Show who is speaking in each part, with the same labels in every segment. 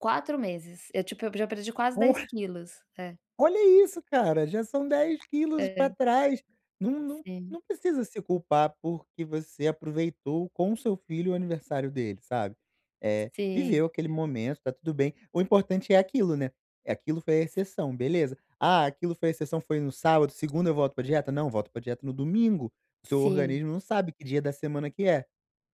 Speaker 1: 4 meses. Eu tipo, eu já perdi quase
Speaker 2: Oh!
Speaker 1: 10 quilos. É.
Speaker 2: Olha isso, cara, já são 10 quilos
Speaker 1: É.
Speaker 2: pra trás. Não não
Speaker 1: Sim.
Speaker 2: não precisa se culpar, porque você aproveitou com o seu filho o aniversário dele, sabe. Eh,
Speaker 1: Sim.
Speaker 2: viveu aquele momento, tá tudo bem, o importante é aquilo, né, aquilo foi a exceção, beleza. "Ah, aquilo foi a exceção, foi no sábado, segunda eu volto pra dieta, não, volto pra dieta no domingo". O seu
Speaker 1: Sim.
Speaker 2: organismo não sabe que dia da semana que é,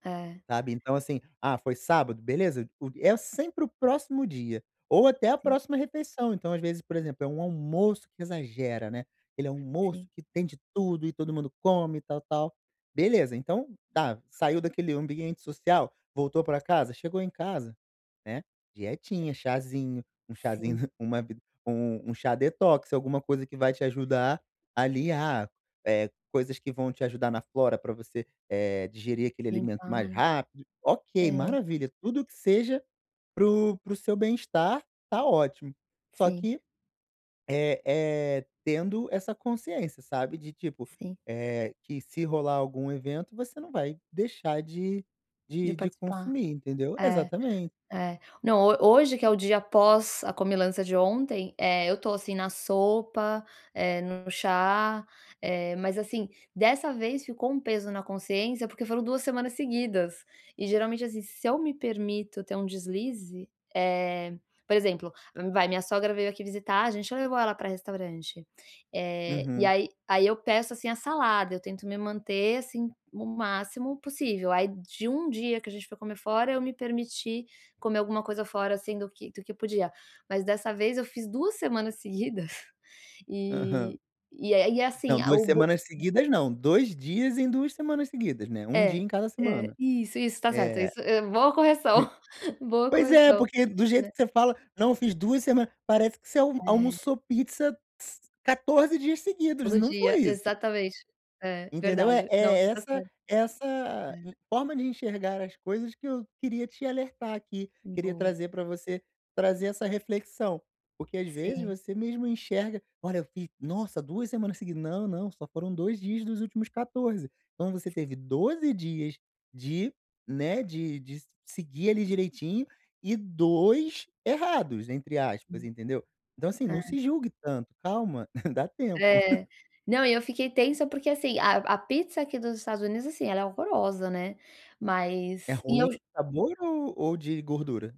Speaker 1: É.
Speaker 2: sabe, então assim, "ah, foi sábado", beleza, o é sempre o próximo dia, ou até a
Speaker 1: Sim.
Speaker 2: próxima refeição. Então às vezes, por exemplo, é um almoço que exagera, né, aquele almoço
Speaker 1: Sim.
Speaker 2: que tem de tudo, e todo mundo come, e tal, tal. Beleza, então tá, saiu daquele ambiente social, voltou pra casa, chegou em casa, né, dietinha, chazinho, um chazinho
Speaker 1: Sim.
Speaker 2: uma b um um chá detox, alguma coisa que vai te ajudar, ali ah, eh, coisas que vão te ajudar na flora pra você, eh, digerir aquele alimento mais
Speaker 1: Limpar.
Speaker 2: rápido. Ok,
Speaker 1: É.
Speaker 2: maravilha, tudo que seja para o para o seu bem-estar, tá ótimo. Só
Speaker 1: Sim.
Speaker 2: que, eh eh, tendo essa consciência, sabe, de tipo,
Speaker 1: Sim.
Speaker 2: eh, que se rolar algum evento, você não vai deixar de
Speaker 1: De
Speaker 2: de de
Speaker 1: participar.
Speaker 2: consumir, entendeu.
Speaker 1: É.
Speaker 2: Exatamente.
Speaker 1: É. Não, ho hoje que é o dia pós a comilança de ontem, eh, eu tô assim na sopa, eh, no chá, eh, mas assim, dessa vez ficou um peso na consciência, porque foram 2 semanas seguidas, e geralmente assim, se eu me permito ter um deslize, eh, por exemplo, vai, minha sogra veio aqui visitar, a gente levou ela pra restaurante. Eh, e
Speaker 2: Uhum.
Speaker 1: aí aí eu peço, assim, a salada, eu tento me manter, assim, o máximo possível. Aí de 1 dia que a gente foi comer fora, eu me permiti comer alguma coisa fora, assim, do que do que podia. Mas dessa vez eu fiz 2 semanas seguidas,
Speaker 2: Aham.
Speaker 1: e e é e é assim,
Speaker 2: Não,
Speaker 1: a
Speaker 2: 2
Speaker 1: o bo
Speaker 2: semanas seguidas não, 2 dias em 2 semanas seguidas, né, 1 dia
Speaker 1: É.
Speaker 2: em cada
Speaker 1: É,
Speaker 2: semana.
Speaker 1: isso, isso, tá certo,
Speaker 2: É.
Speaker 1: isso, hã, boa correção, boa
Speaker 2: Pois é,
Speaker 1: correção,
Speaker 2: porque do jeito
Speaker 1: né.
Speaker 2: que você fala: "Não, fiz 2 semanas", parece que você al
Speaker 1: É.
Speaker 2: almoçou pizza s 14 dias seguidos,
Speaker 1: Todo
Speaker 2: não foi
Speaker 1: dia,
Speaker 2: isso.
Speaker 1: exatamente. É,
Speaker 2: Entendeu, é
Speaker 1: verdade. Não,
Speaker 2: é
Speaker 1: você tá
Speaker 2: essa
Speaker 1: certo.
Speaker 2: essa,
Speaker 1: É.
Speaker 2: hum, forma de enxergar as coisas que eu queria te alertar aqui, queria
Speaker 1: Boa.
Speaker 2: trazer pra você, trazer essa reflexão, porque às vezes
Speaker 1: Sim.
Speaker 2: você mesmo enxerga: "Olha, eu fiz nossa, 2 semanas seguidas. Não, não, só foram 2 dias dos últimos 14", então você teve 12 dias de, né, de de s seguir, ali, direitinho e 2 "errados", entre aspas,
Speaker 1: Sim.
Speaker 2: entendeu. Então assim,
Speaker 1: É.
Speaker 2: não se julgue tanto. Calma, dá tempo.
Speaker 1: É. Não, e eu fiquei tensa, porque assim, a a pizza aqui dos Estados Unidos, assim, ela é horrorosa, né,
Speaker 2: É
Speaker 1: mas e
Speaker 2: ruim
Speaker 1: eu ju
Speaker 2: sabor ou ou de gordura?